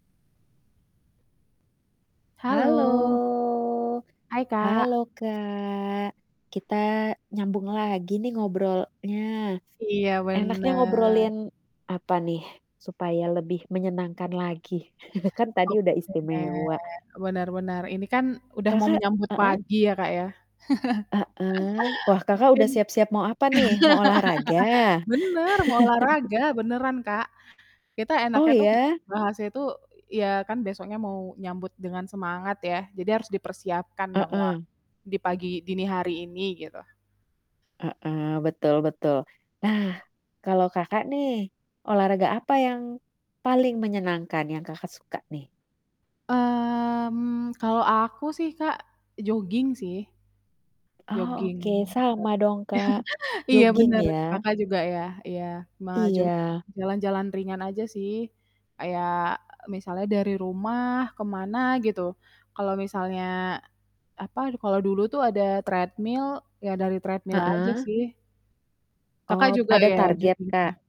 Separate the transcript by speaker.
Speaker 1: Halo!
Speaker 2: Halo. Hai
Speaker 1: Halo
Speaker 2: Kak.
Speaker 1: Kak, kita nyambung lagi nih ngobrolnya.
Speaker 2: Iya
Speaker 1: Enaknya
Speaker 2: bener.
Speaker 1: ngobrolin apa nih supaya lebih menyenangkan lagi. Kan tadi udah
Speaker 2: Oke.
Speaker 1: istimewa.
Speaker 2: Bener bener ini kan udah mau
Speaker 1: Kakak
Speaker 2: menyambut
Speaker 1: heeh.
Speaker 2: pagi ya Kak ya?
Speaker 1: Heeh, wah Kakak
Speaker 2: Mungkin
Speaker 1: udah siap-siap mau apa nih? Mau olahraga?
Speaker 2: bener mau olahraga beneran Kak. Kita
Speaker 1: Oh
Speaker 2: enaknya tuh
Speaker 1: ya?
Speaker 2: bahasnya tuh ya kan besoknya mau nyambut dengan semangat ya jadi harus dipersiapkan dong wa
Speaker 1: Heeh.
Speaker 2: di pagi dini hari ini gitu.
Speaker 1: Heeh, betul betul. Nah kalau Kakak nih, olahraga apa yang paling menyenangkan yang Kakak suka nih?
Speaker 2: Mmm, kalau aku sih Kak joging sih.
Speaker 1: Oh,
Speaker 2: Jogging
Speaker 1: oke, sama dong Kak.
Speaker 2: ter iya
Speaker 1: Joging
Speaker 2: bener
Speaker 1: ya?
Speaker 2: Kakak juga ya, iya ma joging.
Speaker 1: Iya.
Speaker 2: Jalan-jalan ringan aja sih kayak misalnya dari rumah ke mana gitu kalau misalnya, apa, kalau dulu tuh ada treadmill ya dari treadmill aja
Speaker 1: Heeh.
Speaker 2: sih. Kakak
Speaker 1: Oh,
Speaker 2: juga
Speaker 1: ada
Speaker 2: ya
Speaker 1: target
Speaker 2: joging ya.
Speaker 1: Kak?